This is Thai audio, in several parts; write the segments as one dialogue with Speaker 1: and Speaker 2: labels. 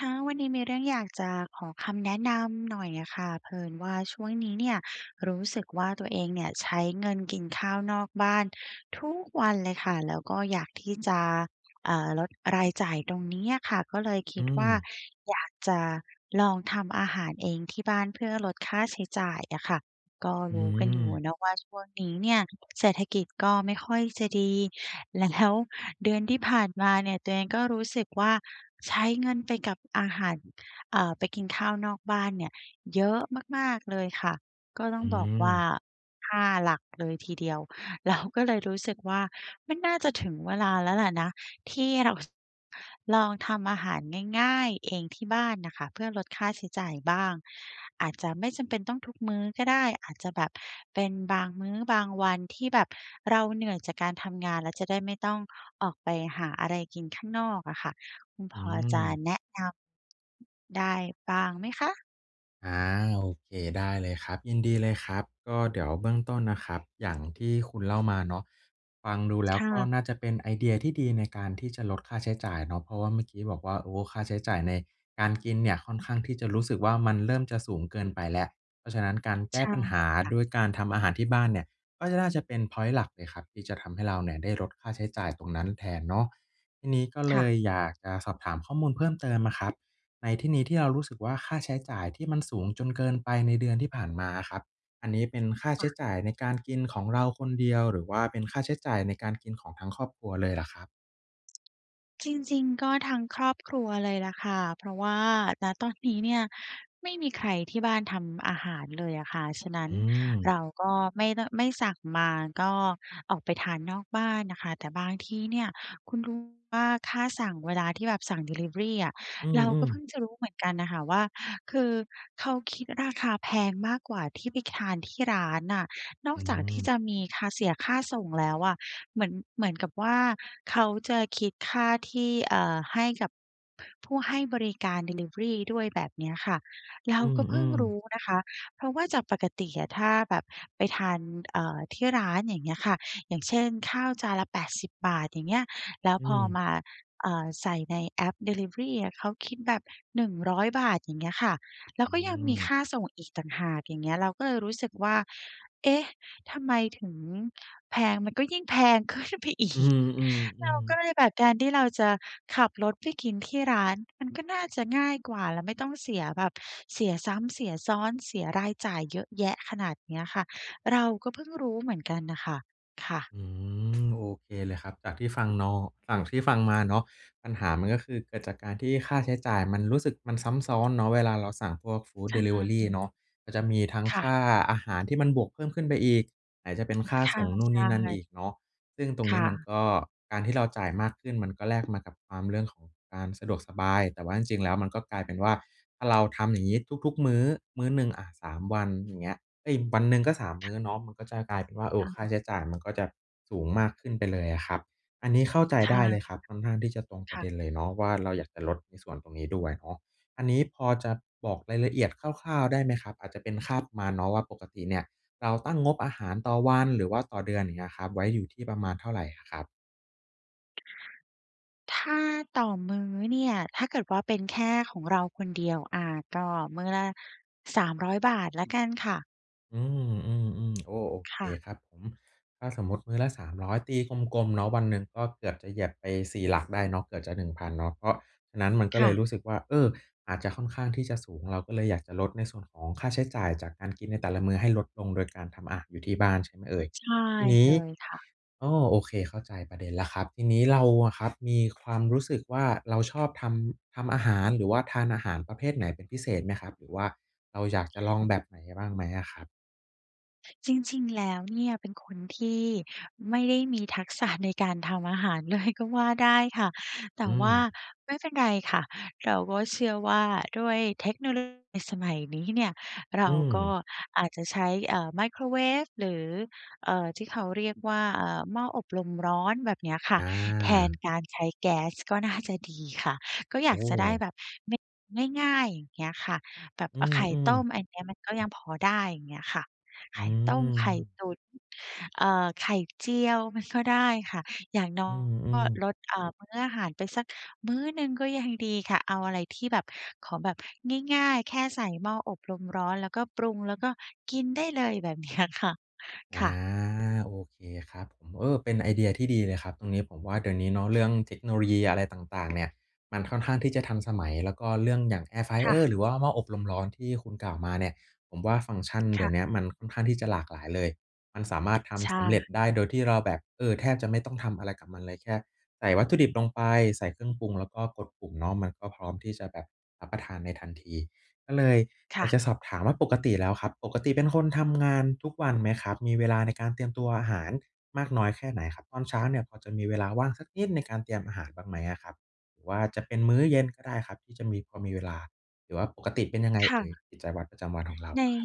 Speaker 1: ค่ะ วันนี้มีเรื่องอยากจะขอคำแนะนำหน่อยอะค่ะ เผอิญว่าช่วงนี้เนี่ย รู้สึกว่าตัวเองเนี่ยใช้เงินกินข้าวนอกบ้านทุกวันเลยค่ะ แล้วก็อยากที่จะ เอ่อ ลดรายจ่ายตรงนี้อะค่ะ ก็เลยค
Speaker 2: อื
Speaker 1: ิดว่า
Speaker 2: ม
Speaker 1: อยากจะลองทำอาหารเองที่บ้านเพื่อลดค่าใช้จ่ายอะค่ะ ก็
Speaker 2: อื
Speaker 1: รู้กันอยู่
Speaker 2: ม
Speaker 1: เนาะว่า ช่วงนี้เนี่ยเศรษฐกิจก็ไม่ค่อยจะดี แล้ว เดือนที่ผ่านมาเนี่ยตัวเองก็รู้สึกว่าใช้เงินไปกับอาหาร เอ่อ ไปกินข้าวนอกบ้านเนี่ยเยอะมาก ๆ เลยค่ะ ก็ต้
Speaker 2: อ
Speaker 1: อ
Speaker 2: ื
Speaker 1: งบอกว่า
Speaker 2: ม
Speaker 1: 5 หลักเลยทีเดียว เรา ก็เลยรู้สึกว่ามันน่าจะถึงเวลาแล้วแหละนะ ที่เรา ส ลองทำอาหารง่าย ๆ เองที่บ้านน่ะค่ะ เพื่อลดค่าใช้จ่ายบ้าง อาจจะไม่จำเป็นต้องทุกมื้อก็ได้ อาจจะแบบเป็นบางมื้อ บางวันที่แบบเราเหนื่อยจากการทำงาน แล้วจะได้ไม่ต้องออกไปหาอะไรกินข้างนอกอะค่ะ คุณ
Speaker 2: อ
Speaker 1: พ
Speaker 2: ื
Speaker 1: อจะ
Speaker 2: ม
Speaker 1: แนะนำ ได้บ้างไหมคะ?
Speaker 2: อา โอเค ได้เลยครับ ยินดีเลยครับ ก็เดี๋ยวเบื้องต้นนะครับ อย่างที่คุณเล่ามาเนาะ ฟังดูแล้
Speaker 1: ค
Speaker 2: ว
Speaker 1: ่
Speaker 2: ก็
Speaker 1: ะ
Speaker 2: น่าจะเป็นไอเดียที่ดีในการที่จะลดค่าใช้จ่ายเนาะ เพราะว่าเมื่อกี้บอกว่า โอ้ ค่าใช้จ่ายในการกินเนี่ยค่อนข้างที่จะรู้สึกว่า มันเริ่มจะสูงเกินไปแล้ว เพราะฉะนั้นการแก
Speaker 1: ใช
Speaker 2: ้
Speaker 1: ่
Speaker 2: ปัญหา
Speaker 1: ค่ะ
Speaker 2: ด้วยการทำอาหารที่บ้านเนี่ย ก็น่าจะเป็นพอยนต์หลักเลยครับที่จะทำให้เราเนี่ยได้ลดค่าใช้จ่ายตรงนั้นแทนเนาะ ทีนี้ก็เ
Speaker 1: ค
Speaker 2: ล
Speaker 1: ่ะ
Speaker 2: ยอยากจะสอบถามข้อมูลเพิ่มเติมอะครับ ในที่นี้ที่เรารู้สึกว่า ค่าใช้จ่ายที่มันสูงจนเกินไปในเดือนที่ผ่านมาอะครับ อันนี้เป็นค่าใ
Speaker 1: อ
Speaker 2: ช้
Speaker 1: ะ
Speaker 2: จ่ายในการกินของเราคนเดียว หรือว่าเป็นค่าใช้จ่ายในการกินของทั้งครอบครัวเลยล่ะครับ?
Speaker 1: จริง ๆ ก็ทั้งครอบครัวเลยแหละค่ะ เพราะว่า ณ ตอนนี้เนี่ย ไม่มีใครที่บ้านทำอาหารเลยอะค่ะ ฉะนั้
Speaker 2: อ
Speaker 1: น
Speaker 2: ื
Speaker 1: เ
Speaker 2: ม
Speaker 1: ราก็ไม่ ด ไม่สั่งมา ก็ออกไปทานนอกบ้านน่ะค่ะ แต่บางที่เนี่ย คุณรู้ไหมว่าค่าสั่ง เวลาที่แบบสั่งดิลิเวอรีอะ
Speaker 2: อื
Speaker 1: เราก็
Speaker 2: อ
Speaker 1: เพ
Speaker 2: ๆ
Speaker 1: ิ่งจะรู้เหมือนกันอะค่ะว่า คือเขาคิดราคาแพงมากกว่าที่ไปทานที่ร้านน่ะ นอ
Speaker 2: อ
Speaker 1: ก
Speaker 2: ื
Speaker 1: จากที่
Speaker 2: ม
Speaker 1: จะมีค่า เสียค่าส่งแล้วอะ เหมือน เหมือนกับว่าเขาจะคิดค่าที่ เอ่อ ให้กับผู้ให้บริการดิลิเวอรีด้วย แบบเนี้ยค่ะ เร
Speaker 2: อ
Speaker 1: า
Speaker 2: ื
Speaker 1: ก็เพิ่ง
Speaker 2: อ
Speaker 1: รู
Speaker 2: ๆ
Speaker 1: ้นะคะ เพราะว่าจากปกติอะถ้าแบบไปทาน เอ่อ ที่ร้าน อย่างเงี้ยค่ะ อย่างเช่น ข้าวจานละ 80 บาท อย่างเงี้ย แล้ว
Speaker 2: อื
Speaker 1: พอ
Speaker 2: ม
Speaker 1: มา เอ่อ ใส่ในแอปดิลิเวอรีอะ เขาคิดแบบ 100 บาท อย่างเงี้ยค่ะ แล้
Speaker 2: อ
Speaker 1: ว
Speaker 2: ื
Speaker 1: ก็ยังมี
Speaker 2: ม
Speaker 1: ค่าส่งอีกต่างหาก อย่างเงี้ย เราก็เลยรู้สึกว่า เอ๊ะ ทำไมถึงแพง มันก็ยิ่งแพง ขึ้นไปอี
Speaker 2: อื
Speaker 1: ก เรา
Speaker 2: อ
Speaker 1: ก็
Speaker 2: ๆ ๆ
Speaker 1: เลยแบบ การที่เราจะขับรถไปกินที่ร้านมันก็น่าจะง่ายกว่า แล้วไม่ต้องเสียแบบ เสียซ้ำ เสียซ้อน เสียรายจ่ายเยอะแยะขนาดเนี้ยค่ะ เราก็เพิ่งรู้เหมือนกันน่ะค่ะ ค่ะ
Speaker 2: อืม โอเคเลยครับ จากที่ฟังนอ ฝั่ง ที่ฟัง มาเนาะ ปัญหามัน ก็คือเกิดจากการที่ค่าใช้จ่ายมันรู้สึก มันซ้ำซ้อนเนาะ เวลาเราสั่งพวกฟูด
Speaker 1: ใช
Speaker 2: ดิลิเวอรี
Speaker 1: ่
Speaker 2: เนาะ มันจะมีทั้ง
Speaker 1: ค่
Speaker 2: ค
Speaker 1: ะ
Speaker 2: ่าอาหารที่มันบวกเพิ่มขึ้นไปอีก ไหนจะเป็นค่า
Speaker 1: ค
Speaker 2: ส
Speaker 1: ่ะ
Speaker 2: ่งนู่
Speaker 1: ใ
Speaker 2: น
Speaker 1: ช
Speaker 2: นี่นั่นอ
Speaker 1: ่
Speaker 2: ีกเนาะ ซึ่งตรง
Speaker 1: ค
Speaker 2: นี้
Speaker 1: ่
Speaker 2: มัน
Speaker 1: ะ
Speaker 2: ก็ การที่เราจ่ายมากขึ้น มันก็แลกมากับความ เรื่องของการสะดวกสบาย แต่ว่าจริง ๆ แล้วมันก็กลายเป็นว่า ถ้าเราทำอย่างนี้ทุก ๆ มื้อ มื้อหนึ่งอะ 3 วัน อย่างเงี้ย เอ๊ย วันหนึ่งก็ 3 มื้อเนาะ มันก็จะกลายเป็นว่า โอ้
Speaker 1: ค่
Speaker 2: ค่า
Speaker 1: ะ
Speaker 2: ใช้จ่ายมันก็จะสูงมากขึ้นไปเลยอะครับ อันนี้เข้าใจ
Speaker 1: ใช
Speaker 2: ไ
Speaker 1: ่
Speaker 2: ด้เลยครับ ค่อนข้างที่จะตรงป
Speaker 1: ค
Speaker 2: ระ
Speaker 1: ่
Speaker 2: เด็
Speaker 1: ะ
Speaker 2: นเลยเนาะว่า เราอยากจะลดในส่วนตรงนี้ด้วยเนาะ อันนี้พอจะบอกรายละเอียดคร่าว ๆ ได้ไหมครับ อาจจะเป็นค่าประมาณเนาะว่า ปกติเนี่ยเราตั้งงบอาหารต่อวัน หรือว่าต่อเดือน อย่างเงี้ยครับ ไว้อยู่ที่ประมาณเท่าไรอะครับ?
Speaker 1: ถ้าต่อมื้อเนี่ย ถ้าเกิดว่าเป็นแค่ของเราคนเดียว อ่า ก็มื้อละ 300 บาทแล้วกันค่ะ
Speaker 2: อืม ๆ ๆ โอ้ โอ
Speaker 1: ค
Speaker 2: เค
Speaker 1: ่ะ
Speaker 2: ครับผม ถ้าสมมุติมื้อละ 300 ตีกลม ๆ เนาะ วันหนึ่งก็เกือบจะเหยียบไป 4 หลักได้เนาะ เกือบจะ 1,000 เนาะ เพราะฉะนั้นมันก็
Speaker 1: ค
Speaker 2: เ
Speaker 1: ่
Speaker 2: ลย
Speaker 1: ะ
Speaker 2: รู้สึกว่า เออ อาจจะค่อนข้างที่จะสูง เราก็เลยอยากจะลดในส่วนของค่าใช้จ่ายจากการกินในแต่ละมื้อให้ลดลง โดย การทำอาหารอยู่ที่บ้าน ใช่ไหมเอ่ย
Speaker 1: ใช่
Speaker 2: ทีนี
Speaker 1: เ
Speaker 2: ้
Speaker 1: ลยค่ะ
Speaker 2: อ้อ โอเคเข้าใจประเด็นแล้วครับ ทีนี้เราอะ ครับมีความรู้สึกว่า เราชอบทำ ทำอาหาร หรือว่าทานอาหารประเภทไหนเป็นพิเศษไหมครับ? หรือว่าเราอยากจะลองแบบไหนบ้างไหมอะครับ?
Speaker 1: จริง ๆ แล้ว เนี่ย เป็นคนที่ไม่ได้ มีทักษะในการทำอาหารเลยก็ว่าได้ค่ะ แต
Speaker 2: อื
Speaker 1: ่ว่า
Speaker 2: ม
Speaker 1: ไม่เป็นไรค่ะ เราก็เชื่อว่าด้วยเทคโนโล สมัยนี้เนี่ย เร
Speaker 2: อื
Speaker 1: าก็
Speaker 2: ม
Speaker 1: อาจจะใช้ เอ่อ ไมโครเวฟ หรือ เอ่อ ที่เขาเรียกว่า เอ่อ หม้ออบ ลมร้อน แบบเนี้ยค่
Speaker 2: อ
Speaker 1: ะ แทน
Speaker 2: า
Speaker 1: การใช้แก๊สก็น่าจะดีค่ะ ก็อ
Speaker 2: โ
Speaker 1: ย
Speaker 2: อ
Speaker 1: าก
Speaker 2: ้
Speaker 1: จะได้แบบ เม ง่าย ๆ อย่างเงี้ยค่ะ แบบ
Speaker 2: อื
Speaker 1: อา ไข่
Speaker 2: อ
Speaker 1: ต้
Speaker 2: ๆ
Speaker 1: ม อันนี้มันก็ยังพอได้ อย่างเงี้ยค่ะ ไ
Speaker 2: อื
Speaker 1: ข่ต้ม ไข่
Speaker 2: ม
Speaker 1: ตุ๋น เอ่อ ไข่เจียวมันก็ได้ค่ะ อย่างน้
Speaker 2: อ
Speaker 1: อ
Speaker 2: ื
Speaker 1: ยก็
Speaker 2: ม ๆ
Speaker 1: ลด เอ่อ มื้ออาหารไปสักมื้อหนึ่งก็ยังดีค่ะ เอาอะไรที่แบบ ขอแบบง่าย ๆ แค่ใส่หม้ออบลมร้อน แล้วก็ปรุง แล้วก็กินได้เลย แบบเนี้ยค่ะ
Speaker 2: อา
Speaker 1: ค่ะ
Speaker 2: โอเคครับผม เออ เป็นไอเดียที่ดีเลยครับ ตรงนี้ผมว่าเดี๋ยวนี้เนาะ เรื่องเทคโนโลยีอะไรต่าง ๆ เนี่ย มันค่อนข้างที่จะทันสมัย แล้วก็เรื่องอย่าง Air
Speaker 1: ค่
Speaker 2: flyer
Speaker 1: ะ
Speaker 2: หรือว่าหม้ออบลมร้อนที่คุณกล่าวมาเนี่ย ผมว่าฟังก์ชัน
Speaker 1: ค
Speaker 2: เดี๋
Speaker 1: ่
Speaker 2: ยวเนี้
Speaker 1: ะ
Speaker 2: ยมันค่อนข้างที่จะหลากหลายเลย มันสามารถท
Speaker 1: ใช
Speaker 2: ำสำเร็จ
Speaker 1: ่
Speaker 2: ได้โดยที่เราแบบ เออ แทบจะไม่ต้องทำอะไรกับมันเลย แค่ใส่วัตถุดิบลงไป ใส่เครื่องปรุง แล้วก็กดปุ่มเนาะ มันก็พร้อมที่จะแบบรับประทานในทันที ก็เลย
Speaker 1: ค
Speaker 2: อย
Speaker 1: ่
Speaker 2: าก
Speaker 1: ะ
Speaker 2: จะสอบถามว่า ปกติแล้วครับ ปกติเป็นคนทำ งานทุกวันไหมครับ มีเวลาในการเตรียมตัวอาหารมากน้อยแค่ไหนครับ? ตอนเช้าเนี่ย พอจะมีเวลาว่างสักนิดในการเตรียมอาหารบ้างไหมอะครับ หรือว่าจะเป็นมื้อเย็นก็ได้ครับ ที่จะมี พอมีเวลา หรือว่าปกติเป็นยังไง
Speaker 1: ค
Speaker 2: เอ
Speaker 1: ่ะ
Speaker 2: ่ย กิจวัตรประจำวันของเรา
Speaker 1: ใน
Speaker 2: ครับ?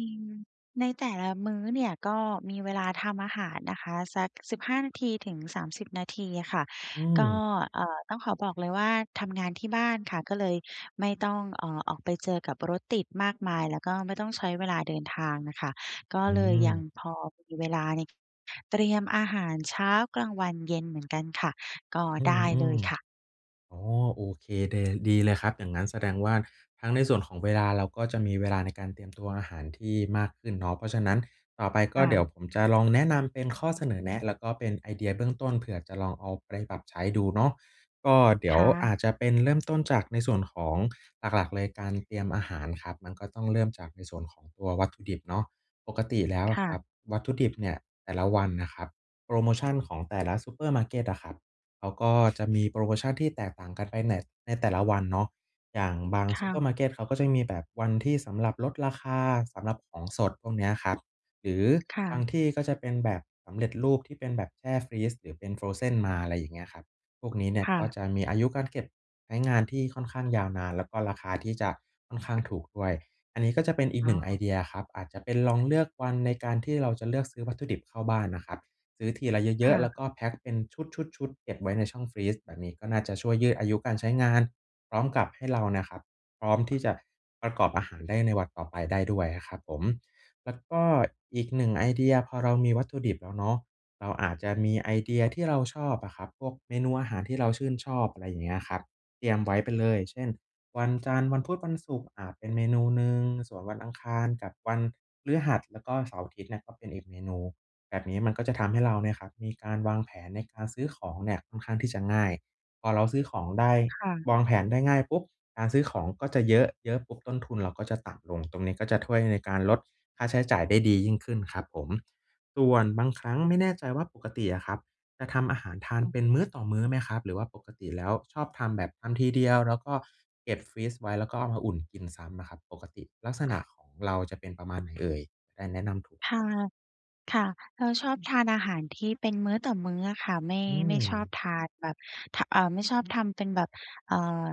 Speaker 1: ในแต่ละมื้อเนี่ย ก็มีเวลาทำอาหารนะคะ สัก 15-30 นาที อะค่ะ
Speaker 2: อื
Speaker 1: ก็
Speaker 2: ม
Speaker 1: เอ่อ ต้องขอบอกเลยว่า ทำงานที่บ้านค่ะ ก็เลยไม่ต้อง เอ่อ ออกไปเจอกับรถติดมากมาย แล้วก็ไม่ต้องใช้เวลาเดินทางน่ะค่ะ ก็
Speaker 2: อื
Speaker 1: เลยยัง
Speaker 2: ม
Speaker 1: พอมี เวลาใน เตรียมอาหารเช้า กลางวัน เย็นเหมือนกันค่ะ
Speaker 2: อือ
Speaker 1: ก็ได้เลยค่ะ
Speaker 2: ๆ อ๋อ โอเค เด ล ดีเลยครับ อย่างงั้นแสดงว่าทั้งในส่วนของเวลา เราก็จะมี เวลาในการเตรียมตัวอาหารที่มากขึ้นเนาะ เพราะฉะนั้นต่อไป
Speaker 1: ค
Speaker 2: ก็
Speaker 1: ่
Speaker 2: เดี๋ยว
Speaker 1: ะ
Speaker 2: ผมจะ ลองแนะนำเป็นข้อเสนอแนะ แล้วก็เป็นไอเดียเบื้องต้น เผื่อจะลองเอาไปปรับใช้ดูเนาะ ก็เดี
Speaker 1: ค
Speaker 2: ๋ยว
Speaker 1: ่
Speaker 2: อ
Speaker 1: ะ
Speaker 2: าจจะเป็น เริ่มต้นจากในส่วนของ หลัก ๆ เลยการเตรียมอาหารครับ มันก็ต้องเริ่มจากในส่วนของตัววัตถุดิบเนาะ ปกติแล้ว
Speaker 1: ค
Speaker 2: อ
Speaker 1: ่
Speaker 2: ะค
Speaker 1: ะ
Speaker 2: รับ วัตถุดิบเนี่ยแต่ละวันนะครับ โพรโมชัน ของแต่ละซูเปอร์มาร์เก็ตอะครับ เขาก็ จะมีโพรโมชั่นที่แตกต่างกันไป น ในแต่ละวันเนาะ อย่างบาง
Speaker 1: ค
Speaker 2: ซู
Speaker 1: ่
Speaker 2: เปอ
Speaker 1: ะ
Speaker 2: ร์มาร์เก็ต เขาก็จะมีแบบวันที่สำหรับลดราคา สำหรับของสด พวกเนี้ย ครับ หรือ
Speaker 1: ค่
Speaker 2: บา
Speaker 1: ะ
Speaker 2: งที่ก็จะเป็นแบบสำเร็จรูป ที่เป็นแบบแช่ฟรีซ หรือเป็น Frozen มา อะไรอย่างเงี้ยครับ พวกนี้เนี่ย
Speaker 1: ค่
Speaker 2: ก็
Speaker 1: ะ
Speaker 2: จะมีอายุการเก็บใช้ งานที่ค่อนข้างยาวนาน แล้วก็ราคาที่จะค่อนข้างถูกด้วย อันนี้ก็จะเป็นอีก
Speaker 1: อ
Speaker 2: ห
Speaker 1: ๋
Speaker 2: นึ่งไอ
Speaker 1: อ
Speaker 2: เดียครับ อาจจะเป็น ลองเลือกวันในการที่เราจะเลือกซื้อ วัตถุดิบเข้าบ้านนะครับ ซื้อทีละเย
Speaker 1: ค
Speaker 2: อ
Speaker 1: ่
Speaker 2: ะ ๆ แล้
Speaker 1: ะ
Speaker 2: วก็แพ็ก เป็นชุด ๆ ๆ เก็บไว้ในช่องฟรีซ แบบนี้ก็น่าจะช่วยยืดอายุการใช้งาน พร้อมกับให้ เรานะครับ พร้อมที่จะประกอบอาหารได้ในวันต่อไปได้ด้วยนะครับผม แล้วก็อีกหนึ่งไอเดีย พอเรามีวัตถุดิบแล้วเนาะ เราอาจจะมีไอเดียที่เราชอบอะครับ พวกเมนูอาหารที่เราชื่นชอบ อะไรอย่างเงี้ยครับ เตรียมไว้ไปเลย เช่น วันจันทร์ วันพุธ วันศุกร์อาจเป็นเมนูหนึ่ง ส่วนวันอังคารกับวันพฤหัส แล้วก็เสาร์-อาทิตย์เนี่ยก็เป็นอีกเมนู แบบนี้มันก็จะทำให้เราเนี่ยครับมีการวางแผนในการซื้อของเนี่ยค่อนข้างที่จะง่าย พอเราซื้อของได้
Speaker 1: ค่ะ
Speaker 2: วางแผนได้ง่ายปุ๊บ การซื้อของก็จะเยอะ เยอะปุ๊บต้นทุนเราก็จะต่ำลง ตรงนี้ก็จะถ้วย ในการลดค่าใช้จ่ายได้ดียิ่งขึ้นครับผม ส่วนบางครั้ง ไม่แน่ใจว่าปกติอะครับจะทำอาหารทาน
Speaker 1: อือ
Speaker 2: เป็นมื้อต่อมื้อไหมครับ หรือว่าปกติแล้วชอบทำแบบทำทีเดียว แล้วก็เก็บฟรีซไว้ แล้วก็เอามาอุ่นกินซ้ำอะครับ? ปกติลักษณะของเราจะเป็นประมาณ ไหนเอ่ย? ได้แนะนำถูก
Speaker 1: ค
Speaker 2: ค
Speaker 1: ่ะ
Speaker 2: รับ
Speaker 1: ค่ะ เราชอบทานอาหารที่เป็นมื้อต่อมื้ออะค่ะ ไม่
Speaker 2: อื
Speaker 1: ไม่ชอบ
Speaker 2: ม
Speaker 1: ทานแบบ ท เอ่อ ไม่ชอบทำเป็นแบบ เอ่อ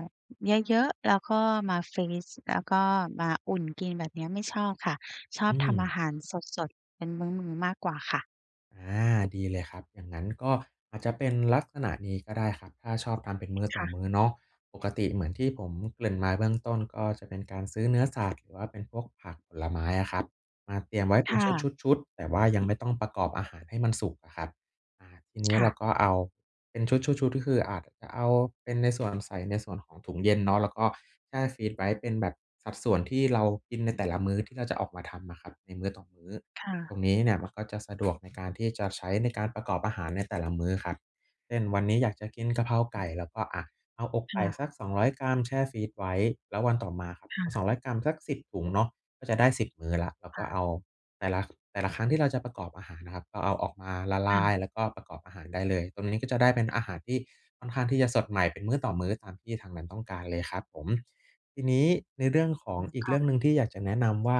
Speaker 1: เยอะ ๆ แล้วก็มาฟรีซ แล้วก็มาอุ่นกิน แบบเนี้ยไม่ชอบค่ะ ชอ
Speaker 2: อ
Speaker 1: บ
Speaker 2: ื
Speaker 1: ทำอ
Speaker 2: ม
Speaker 1: าหารสด ๆ เป็นมื้อ ๆ มากกว่าค่ะ
Speaker 2: อา ดีเลยครับ อย่างนั้นก็อาจจะ เป็นลักษณะนี้ก็ได้ครับ ถ้าชอบทำเป็นมื้อ
Speaker 1: ค
Speaker 2: ต่
Speaker 1: ่
Speaker 2: อ
Speaker 1: ะ
Speaker 2: มื้อเนาะ ปกติเหมือนที่ผมเกริ่นมา เบื้องต้น ก็จะเป็นการซื้อเนื้อสัตว์ หรือว่าเป็นพวกผักผลไม้อะ ครับ มาเตรียมไว้
Speaker 1: ค
Speaker 2: เป็น
Speaker 1: ่
Speaker 2: ช
Speaker 1: ะ
Speaker 2: ุด ๆ ๆ แต่ว่ายังไม่ต้องประกอบอาหารให้มันสุกอะครับ อา ทีเนี้ย
Speaker 1: ค่
Speaker 2: เ
Speaker 1: ะ
Speaker 2: ราก็เอา เป็นชุด ๆ ๆ คืออาจจะเอาเป็นในส่วน ใส่ในส่วนของถุงเย็นเนาะ แล้วก็แช่ฟรีซไว้เป็นแบบสัดส่วนที่เรากินในแต่ละมื้อ ที่เราจะออกมาทำอะครับ ในมื้อต่อมื้อ
Speaker 1: ค่ะ
Speaker 2: ตรงนี้เนี่ยมันก็จะ สะดวกในการที่จะใช้ ในการประกอบอาหาร ในแต่ละมื้อครับ เช่น วันนี้อยากจะกินกะเพราไก่ แล้วก็ อา เอาอก
Speaker 1: ค
Speaker 2: ไก่
Speaker 1: ่ะ
Speaker 2: สัก 200 กรัม แช่ฟรีซไว้ แล้ววันต่อมาครับ
Speaker 1: ค
Speaker 2: เ
Speaker 1: ่
Speaker 2: อา
Speaker 1: ะ
Speaker 2: 200 กรัม สัก 10 ถุง เนาะ ก็จะได้ 10 มื้อแล้ว แล้ว
Speaker 1: ค
Speaker 2: ก
Speaker 1: ่
Speaker 2: ็เ
Speaker 1: ะ
Speaker 2: อา แต่ละ แต่ละครั้งที่เราจะประกอบอาหารนะครับ ก็เอาออกมาละล
Speaker 1: ค่
Speaker 2: า
Speaker 1: ะ
Speaker 2: ย แล้วก็ประกอบอาหารได้เลย ตรงนี้ก็จะได้เป็นอาหารที่ค่อนข้างที่จะสดใหม่ เป็นมื้อต่อมื้อ ตามที่ทางนั้นต้องการเลยครับผม ที่นี้ในเรื่องขอ
Speaker 1: อื
Speaker 2: ง
Speaker 1: ม
Speaker 2: อี
Speaker 1: ค
Speaker 2: กเร
Speaker 1: ่
Speaker 2: ื
Speaker 1: ะ
Speaker 2: ่องหนึ่ง ที่อยากจะแนะนำว่า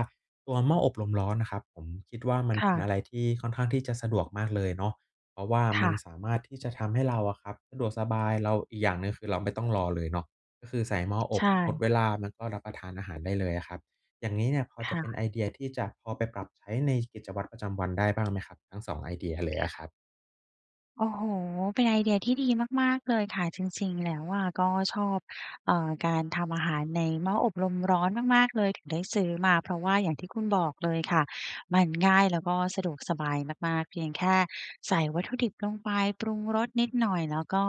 Speaker 2: ตัวหม้ออบลมร้อน นะครับผม คิดว่ามัน
Speaker 1: ค
Speaker 2: เป
Speaker 1: ่
Speaker 2: ็นอะ
Speaker 1: ะ
Speaker 2: ไรที่ค่อนข้างที่จะสะดวกมากเลยเนาะ เพราะว่า
Speaker 1: ค
Speaker 2: ม
Speaker 1: ่
Speaker 2: ัน
Speaker 1: ะ
Speaker 2: สามารถที่จะทำให้เรา อะครับ สะดวกสบาย เรา อีกอย่างหนึ่งคือเราไม่ต้องรอเลยเนาะ ก็คือใส่หม้ออ
Speaker 1: ใช
Speaker 2: บ
Speaker 1: ่
Speaker 2: หมดเวลามันก็รับประทานอาหารได้เลยอะครับ อย่างงี้เนี่ยพอ
Speaker 1: ค
Speaker 2: จะ
Speaker 1: ่
Speaker 2: เป็น
Speaker 1: ะ
Speaker 2: ไอเดียที่จะพอไปปรับใช้ในกิจวัตรประจำวันได้บ้าง ไหมครับ ทั้ง 2 ไอเดียเล
Speaker 1: ค
Speaker 2: ยอะ
Speaker 1: ่
Speaker 2: ค
Speaker 1: ะ
Speaker 2: รับ?
Speaker 1: โอ้โฮ เป็นไอเดียที่ดีมาก ๆ เลยค่ะ จริง ๆ แล้วอะก็ชอบ เอ่อ การทำอาหารในหม้ออบลมร้อนมาก ๆ เลย ถึงได้ซื้อมา เพราะว่าอย่างที่คุณบอกเลยค่ะ มันง่าย แล้วก็สะดวกสบายมาก ๆ เพียงแค่ใส่วัตถุดิบลงไป ปรุงรสนิดหน่อยแล้วก็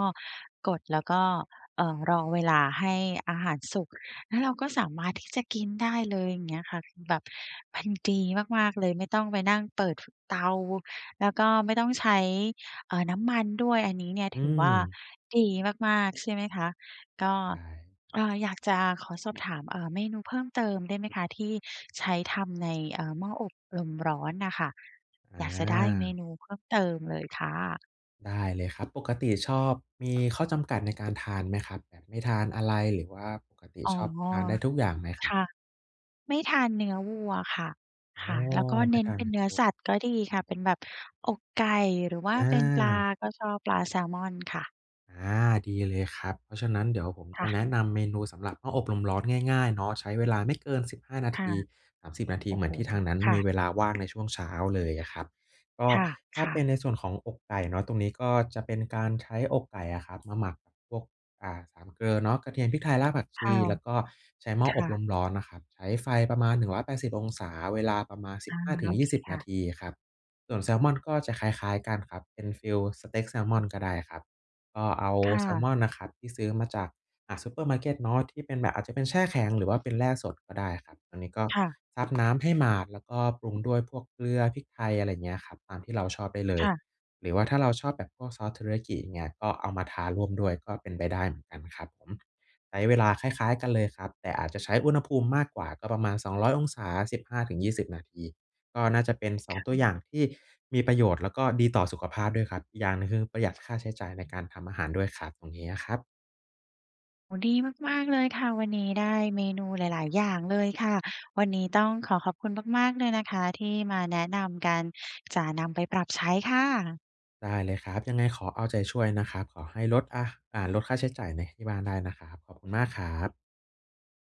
Speaker 1: กด แล้วก็ เอ่อ รอเวลาให้อาหารสุก แล้วเราก็สามารถที่จะกินได้เลย อย่างเงี้ยค่ะ แบบมันดีมาก ๆ เลย ไม่ต้องไปนั่งเปิด ฟ เตา แล้วก็ไม่ต้องใช้ เอ่อ น้ำมันด้วย อันนี้เนี่ย
Speaker 2: อื
Speaker 1: ถือว่า
Speaker 2: ม
Speaker 1: ดีมาก ๆ ใช่ไหมคะ? ก็
Speaker 2: ใด้
Speaker 1: เอ่อ อยากจะขอสอบถาม เอ่อ เมนูเพิ่มเติมได้ไหมคะ ที่ใช้ทำใน เออ หม้ออบลมร้อนน่ะค่ะ?
Speaker 2: อ
Speaker 1: อยากจะได้เม
Speaker 2: า
Speaker 1: นูเพิ่มเติมเลยค่ะ
Speaker 2: ได้เลยครับ ปกติชอบ มีข้อจำกัดในการทานไหมครับ? แบบไม่ทานอะไร? หรือว่าปกติ
Speaker 1: อ๋อ
Speaker 2: ชอบ ทานได้ทุกอย่างไหมครั
Speaker 1: ค
Speaker 2: บ?
Speaker 1: ่ะ ไม่ทานเนื้อวัวค่ะ
Speaker 2: โอ
Speaker 1: ค่
Speaker 2: ้
Speaker 1: ะ แล้วก็
Speaker 2: ไม
Speaker 1: เน
Speaker 2: ่
Speaker 1: ้น
Speaker 2: ทาน
Speaker 1: เป็
Speaker 2: เ
Speaker 1: น
Speaker 2: นื้
Speaker 1: เ
Speaker 2: อ
Speaker 1: นื้อ
Speaker 2: วัว
Speaker 1: สัตว์ก็ดีค่ะ เป็นแบบอกไก่ หรือว่า
Speaker 2: อ
Speaker 1: เป็นปลา
Speaker 2: า
Speaker 1: ก็ชอบปลาแซลมอนค่ะ
Speaker 2: อา ดีเลยครับ เพราะฉะนั้นเดี๋ยวผม
Speaker 1: ค
Speaker 2: จ
Speaker 1: ่
Speaker 2: ะแ
Speaker 1: ะ
Speaker 2: นะนำเมนู สำหรับหม้ออบลมร้อนง่าย ๆ เนาะ ใช้เวลาไม่เกิน 15 นา
Speaker 1: ค
Speaker 2: ท
Speaker 1: ่ะ
Speaker 2: ี 30 นาที
Speaker 1: โอ
Speaker 2: เ
Speaker 1: ้
Speaker 2: หม
Speaker 1: โ
Speaker 2: ื
Speaker 1: ฮ
Speaker 2: อนที่ทางนั้น
Speaker 1: ค่
Speaker 2: มี
Speaker 1: ะ
Speaker 2: เวลาว่างในช่วงเช้าเลยอะครับ ก็
Speaker 1: ค
Speaker 2: ถ้า
Speaker 1: ่
Speaker 2: เ
Speaker 1: ะ
Speaker 2: ป็
Speaker 1: ๆ
Speaker 2: นในส่วนของอกไก่เนาะ ตรงนี้ก็จะเป็นการใช้อกไก่อะครับ มาหมักกับพวก อ่า 3 เกลอเนาะ กระเทียนพริกไทย รากผักช
Speaker 1: ค่
Speaker 2: ี
Speaker 1: ะ
Speaker 2: แล้วก็ใช้หม้อ
Speaker 1: ค
Speaker 2: อ
Speaker 1: ่
Speaker 2: บล
Speaker 1: ะ
Speaker 2: มร้อนนะครับ ใช้ไฟประมาณ 180 องศา เวลาประมาณ สิ
Speaker 1: อ
Speaker 2: บ
Speaker 1: า
Speaker 2: ห้าถึ
Speaker 1: โ
Speaker 2: ง
Speaker 1: อ
Speaker 2: ยี
Speaker 1: เค
Speaker 2: ่สิบ
Speaker 1: ค
Speaker 2: น
Speaker 1: ่
Speaker 2: า
Speaker 1: ะ
Speaker 2: ทีอะครับ ส่วนแซมอนก็จะคล้าย ๆ กันครับ เป็นฟิลสเต็กแซมอนก็ได้ครับ ก็เอา
Speaker 1: ค่
Speaker 2: แซ
Speaker 1: ะ
Speaker 2: มอนนะครับที่ซื้อมาจาก อะ ซุปเปอร์มาร์เก็ตเนาะ ที่เป็นแบบอาจจะเป็นแช่แข็ง หรือว่าเป็นแล่สดก็ได้อะครับ อันนี้ก็
Speaker 1: ค่ะ
Speaker 2: ซับน้ำให้หมาดแล้วก็ปรุงด้วยพวกเกลือพริกไทย อะไรเงี้ยครับ ตามที่เราชอบได้เล
Speaker 1: ค
Speaker 2: ย
Speaker 1: ่ะ
Speaker 2: หรือว่าถ้าเราชอบแบบพวกซอสเทริยากิเนี่ย ก็เอามาทาร่วมด้วยก็เป็นไปได้เหมือนกันครับผม ใช้เวลาคล้าย ๆ กันเลยครับ แต่อาจจะใช้อุณหภูมิมากกว่าก็ประมาณ 200 องศา 15-20 นาที ก็น่าจะเป็น ส
Speaker 1: ค
Speaker 2: อง
Speaker 1: ่
Speaker 2: ตัวอย่
Speaker 1: ะ
Speaker 2: างที่มีประโยชน์แล้วก็ดีต่อสุขภาพด้วยครับ อีกอย่างหนึ่ง คือประหยัดค่าใช้จ่ายในการทำอาหารด้วยครับ ตรงนี้นะครับ
Speaker 1: โอ้โฮ ดีมาก ๆ เลยค่ะ วันนี้ได้เมนูหลาย ๆ อย่างเลยค่ะ วันนี้ต้องขอขอบคุณมาก ๆ เลยนะคะ ที่มาแนะนำกันจะนำไปปรับใช้ค่ะ
Speaker 2: ได้เลยครับ ยังไงขอเอาใจช่วยนะครับ ขอให้ลด อะ อ่า ลดค่าใช้จ่ายใน ที่บ้านได้นะครับ ขอบคุณมากครับ